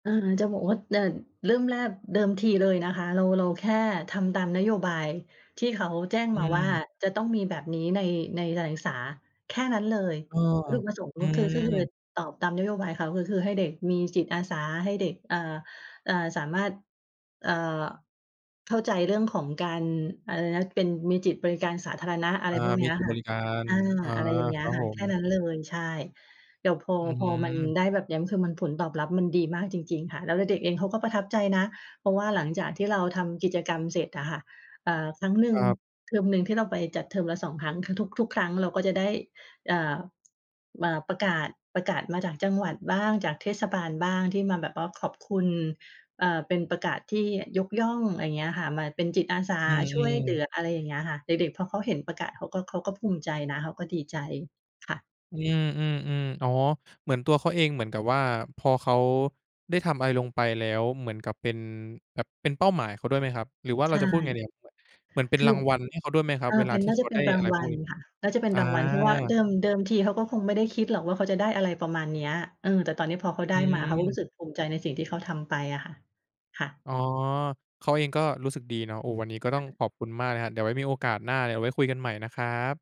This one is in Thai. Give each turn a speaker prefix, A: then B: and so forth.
A: เออ จะบอกว่า แต่เริ่มแรกเดิมทีเลยนะคะเรา เราแค่ทำตามนโยบายที่เขาแจ้ง
B: อื
A: มาว่า
B: ม
A: จะต้องมีแบบนี้ใน ในการศึกษา แค่นั้นเลย
B: ออ
A: วัตถุประสงค์
B: อื
A: ก็คือขึ้นทะเบี
B: ม
A: ยน ตอบตามนโยบายเขา ก็คือให้เด็กมีจิตอาสา ให้เด็ก เอ่อ เอ่อ สามารถ เอ่อ เข้าใจเรื่องของการ อะไรนะ เป็น มีจิตบริการสาธารณะ อะไ
B: อ
A: ร
B: า
A: พวกเ
B: ม
A: นี
B: ี
A: ้ย
B: จิต
A: ค
B: บ
A: ่ะ
B: ริการ
A: อา
B: อา
A: อะไรอย่างเงี้
B: คร
A: ย
B: ับ
A: ค่
B: ผ
A: ะ แค่
B: ม
A: นั้นเลย ใช่ แต่พอ
B: อื้อ
A: พอ
B: ฮื
A: มัน
B: อ
A: ได้แบบเนี้ย คือมันผลตอบรับมันดีมากจริง ๆ ค่ะ แล้วเด็ก ๆ เองเขาก็ประทับใจนะ เพราะว่าหลังจากที่เราทำกิจกรรมเสร็จอะค่ะ อ่า ครั้งหนึ่
B: ค
A: ง
B: รับ
A: เทอมหนึ่งที่เราไปจัด เทอมละ 2 ครั้ง ท ทุก ทุกครั้งเราก็จะได้ อ่า อ่า ประกาศ ประกาศมาจากจังหวัดบ้าง จากเทศบาลบ้าง ที่มาแบบว่าขอบคุณ อ่า เป็นประกาศที่ยกย่อง อะไรอย่างเงี้ยค่ะ มาเป็นจิตอาสา
B: อื
A: ช่วยเหลื
B: อ ๆ
A: อ อะไรอย่างเงี้ยค่ะ เด็ก ๆ พอเขาเห็นประกาศ เขาก็ เขาก็ภูมิใจนะ เขาก็ดีใจ ค่ะ
B: อืม ๆ ๆ อ๋อ เหมือนตัวเขาเองเหมือนกับว่าพอเขาได้ทำอะไรลงไปแล้ว เหมือนกับเป็น แบบเป็นเป้าหมายเขาด้วยไหมครับ หรือว่าเ
A: ใ
B: ร
A: ช
B: า
A: ่
B: จะพูดยังไงดีครับ เหมือนเป็
A: ค
B: น
A: ือ
B: รางวัลให้เขาด้วยไหมคร
A: เ
B: ั
A: อ
B: บ
A: อ
B: เวล
A: เป
B: า
A: ็น
B: ที
A: น
B: ่
A: ่า
B: เข
A: จะ
B: า
A: เป
B: ไ
A: ็
B: ด้
A: นรา
B: อะ
A: ง
B: ไร
A: ว
B: พ
A: ั
B: วก
A: ล
B: นี้?
A: ค่ะ น่าจะเป็น
B: อ
A: รางวัล เพราะว่าเด
B: า
A: ิม เดิมทีเขาก็คงไม่ได้คิดหรอกว่าเขาจะได้ อะไรประมาณเนี้ย เออ แต่ตอนเนี้ยพอเขาได
B: อ
A: ้
B: ื
A: มา เขาก็รู
B: ม
A: ้สึกภูมิใจในสิ่งที่เขาทำไปอะค่ะ ค่ะ
B: อ๋อ เขาเองก็รู้สึกดีเนาะ โอ้ วันนี้ก็ต้อ
A: อ
B: ง
A: า
B: ขอบคุณมากนะครับ เดี๋ยวไว้มีโอกาสหน้า เดี๋ยวไว้คุยกันใหม่นะครับ